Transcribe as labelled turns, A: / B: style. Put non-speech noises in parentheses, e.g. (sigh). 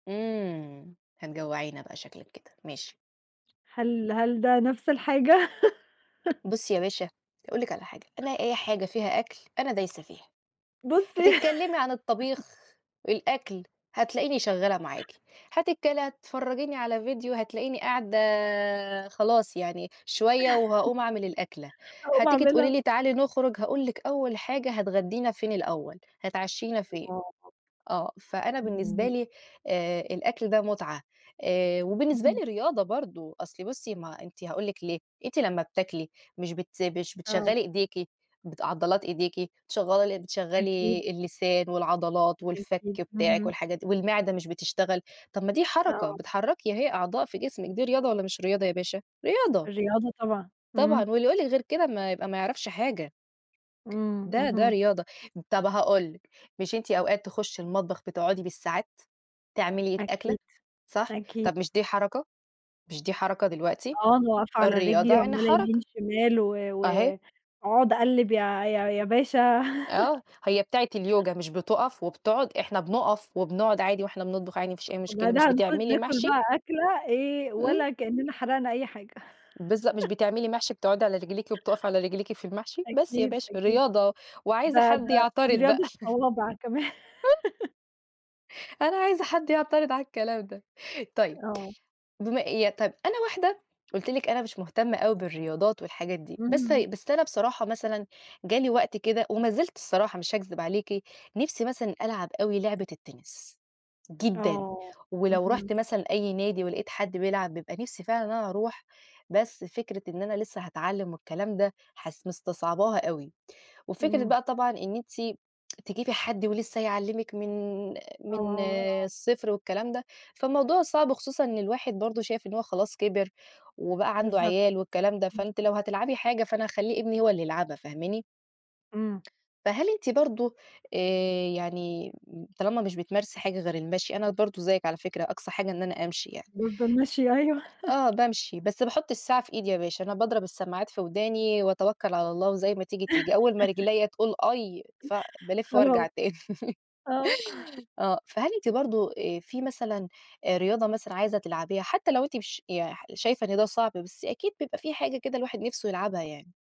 A: إمم. هتجوَّعينا بقى شكلِك كده ماشي.
B: هل هل ده نفس الحاجة؟ (chuckles)
A: بُصّي يا باشا هاقول لِك على حاجة، أنا أي حاجة فيها أكل أنا دايسة فيها.
B: بُصّي
A: هتتكلّمي عن
B: (chuckles)
A: الطَبيخ، الأكل هتلاقيني شغاّلة معاكِ، هتتكل هتفرَّجيني على فيديو هتلاقيني قاعدة خلاص يعني شوية
B: (chuckles)
A: وهاقوم أعمل الأكلة.
B: أقوم
A: هتيجي تقولي
B: أعملها.
A: لي تعالي نخرُج، هاقول لِك أول حاجة هتغدّينا فين الأول، هتعشّينا فين؟
B: (unintelligible)
A: آه. فأنا بالنسبة
B: (unintelligible)
A: لي آآ الأكل ده مُتعة، آآ وبالنسبة
B: (unintelligible)
A: لي رياضة برضه أصلي بُصّي ما ه أنتِ هاقول لِك ليه، أنتِ لمّا بتاكلي مش بت مش
B: آه.
A: بتشغّلي إيديكِ بت عضلات إيديكِ، شغّال بتشغَّلي
B: أكيد.
A: اللسان والعضلات والفَك
B: أكيد،
A: بتاعِك
B: اهم.
A: والحاجات دي والمِعدة مش بتشتغل، طب ما دي حركة،
B: آه.
A: بتحرّكي أهي أعضاء في جسمك دي رياضة والّا مش رياضة يا باشا؟ رياضة.
B: الرياضة طبعًا.
A: طبعًا.
B: إمم.
A: واللي يقول لِك غير كده ما يبقى ما يعرفش حاجة.
B: إمم،
A: ده ده
B: اهم.
A: رياضة. طب هاقول لِك، مش أنتِ أوقات تخُشّي المطبخ بتقعدي بالساعات تعملي الأكلة
B: أكيد.
A: صح؟
B: أكيد.
A: طب مش دي حركة؟ مش دي حركة دلوقتي؟
B: آه. أنا واقفة على
A: الرياضة
B: رِجلي
A: يعني
B: وعمّالة يمين،
A: حركة.
B: شمال و
A: أهي.
B: و أقعد أقلّب يا يا يا باشا. (chuckles)
A: آه. هي بتاعة اليوجا مش بتُقَف وبتقعد، إحنا بنُقَف وبنقعد عادي وإحنا بنطبخ عادي ما فيش أي مشكلة مش
B: وبعدها نخ
A: بتعملي
B: ناكُل
A: محْشي؟
B: بقى أكلة إيه
A: إمم.
B: ولا كإنّنا حَرقنا أي حاجة.
A: بالضبط. مش
B: (chuckles)
A: بتعملي محْشي بتقعدي على رجليكِ وبتقفي على رجليكِ في المحْشي؟ بس يا
B: أكيد،
A: باشا
B: أكيد.
A: رياضة وعايزة
B: ده
A: حد
B: ده دي
A: يعترض بقى.
B: رياضة
A: (chuckles)
B: صوابع كمان. (laughs)
A: أنا عايزة حد يعترض على الكلام ده. طيب،
B: آه.
A: بما اي طيب، أنا واحدة قُلت لِك أنا مش مُهتمة أوي بالرياضات والحاجات دي، بس
B: إمم.
A: ه بس أنا بصراحة مثلًا جالي وقت كده ومازِلت الصراحة مش هاكذب عليكِ، نِفْسي مثلًا ألعب أوي لعبة التِنِس، جدًا.
B: آه.
A: ولو
B: اهم.
A: رُحت مثلًا أي نادي ولقيت حد بيلعب بيبقى نِفسي فعلًا إن أنا أروح بس فكرة إن أنا لسّه هاتعلّم والكلام ده حس مِستصعَبَاها أوي. وفكرة
B: إمم
A: بقى طبعًا إن أنتِ تجيبي حد ولسّه هيعلِّمِك من من
B: آه.
A: الصفر والكلام ده، فالموضوع صعب خصوصًا إن الواحد برضه شايف إن هو خلاص كِبِر وبقى عنده
B: بالضبط،
A: عيال والكلام ده.
B: إمم.
A: فأنتِ لو هتلعبي حاجة، فأنا هاخلّي ابني هو اللي يلعبها فاهماني؟
B: إمم.
A: فهل أنتِ برضه آآ يعني طالما مش بتمارسي حاجة غير المَشي، أنا برضه زيِّك على فكرة أقصى حاجة إن أنا أمشي يعني.
B: برضه المَشي أيوه.
A: أ آه بامشي. بس باحُط الساعة في إيدي يا باشا. أنا باضرب السماعات في وداني وأتوكّل على الله وزي ما تيجي، تيجي. أول ما
B: (chuckles)
A: رجليّا تقول آي ف بالِف وارجع
B: خلاص.
A: تاني.
B: آه.
A: آه. فهل أنتِ برضه آآ في مثلًا أ رياضة مثلًا عايزة تلعبيها حتّى لو أنتِ مش يح شايفة إن ده صعب بس أكيد بيبقى في حاجة كده الواحد نفسه يلعبها يعني؟